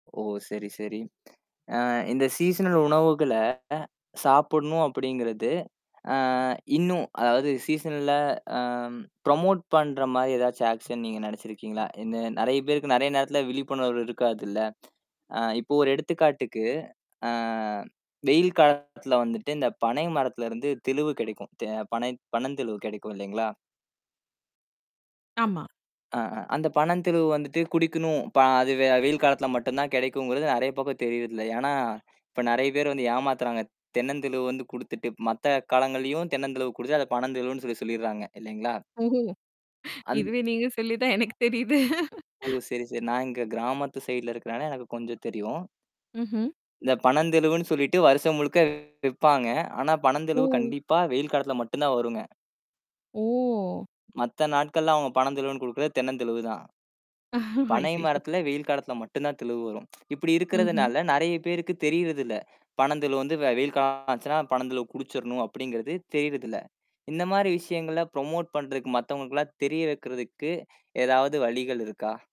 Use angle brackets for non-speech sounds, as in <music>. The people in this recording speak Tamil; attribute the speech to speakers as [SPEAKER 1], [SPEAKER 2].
[SPEAKER 1] ஓ சரி, சரி. <smacks lips> ஆ இந்த சீசனல் உணவுகளை சாப்பிடணும் அப்படிங்கிறது, ஆ இன்னும் அதாவது சீசன்ல்ல ஆ ப்ரமோட் பண்ற மாதிரி எதாச்சும் ஆக்ஷன் நீங்க நினைச்சு இருக்கீங்களா? இன்னும் நிறைய பேருக்கு நிறைய நேரத்துல விழிப்புணர்வு இருக்காது இல்ல, <smacks lips> ஆ இப்போ ஒரு எடுத்துக்காட்டுக்கு, ஆ வெயில் காலத்துல வந்துட்டு இந்தப் பனை மரத்துல இருந்து தெளுவு கிடைக்கும். தெ பனை பனந்தெளுவு கிடைக்கும் இல்லைங்களா?
[SPEAKER 2] ஆமா.
[SPEAKER 1] அஹ அந்தப் பனந்தெளுவு வந்துட்டு குடிக்கணும். பா அது வெ வெயில் காலத்துல மட்டும்தான் கிடைக்கும்ங்கிறது நிறைய பேருக்கு தெரியறது இல்ல, ஏன்னா, இப்ப நிறைய பேர் வந்து ஏமாத்துறாங்க. தென்னந்தெளுவு வந்து குடுத்துட்டு, மத்த காலங்கள்லயும் தென்னந்தெளுவு குடுத்து அதை பனந்தெளுவு சொல்லிச் சொல்லிடறாங்க, இல்லிங்களா?
[SPEAKER 2] ஓஹோ.
[SPEAKER 1] அந்
[SPEAKER 2] இதுவே நீங்கச் சொல்லிதான் எனக்குத் தெரியுது.
[SPEAKER 1] ஓ, சரி, சரி. நான் இங்க கிராமத்து ஸைட்ல இருக்கிறதால எனக்குக் கொஞ்சம் தெரியும்.
[SPEAKER 2] ம்ஹூம்.
[SPEAKER 1] இந்தப் பனந்தெளுவுன்னு சொல்லிட்டு வருஷம் முழுக்க விப்பாங்க. ஆனா, பனந்தெளுவு
[SPEAKER 2] ஓ!
[SPEAKER 1] கண்டிப்பா வெயில் காலத்துல மட்டும்தான் வருங்க.
[SPEAKER 2] ஓ!
[SPEAKER 1] மத்த நாட்கள்ல அவங்க பனந்தெளுவுன்னு குடுக்கறது தென்னந்தெளுவுதான். பனை
[SPEAKER 2] ஐயையோ.
[SPEAKER 1] மரத்துல வெயில் காலத்துல மட்டும்தான் தெளுவு வரும். <tsk> இப்படி
[SPEAKER 2] ம்ஹம்.
[SPEAKER 1] இருக்கறதுனால, நிறைய பேருக்குத் தெரியறது இல்ல. பனந்தெளுவு வந்து வெ வெயில் காலம் ஆச்சுனா பனந்தெளுவ குடிச்சுடனும் அப்படிங்கறது தெரியறது இல்ல. இந்த மாதிரி விஷயங்களை ப்ரமோட் பண்றதுக்கு, மத்தவங்களுக்கெல்லாம் தெரிய வைக்கிறதுக்கு, ஏதாவது வழிகள் இருக்கா?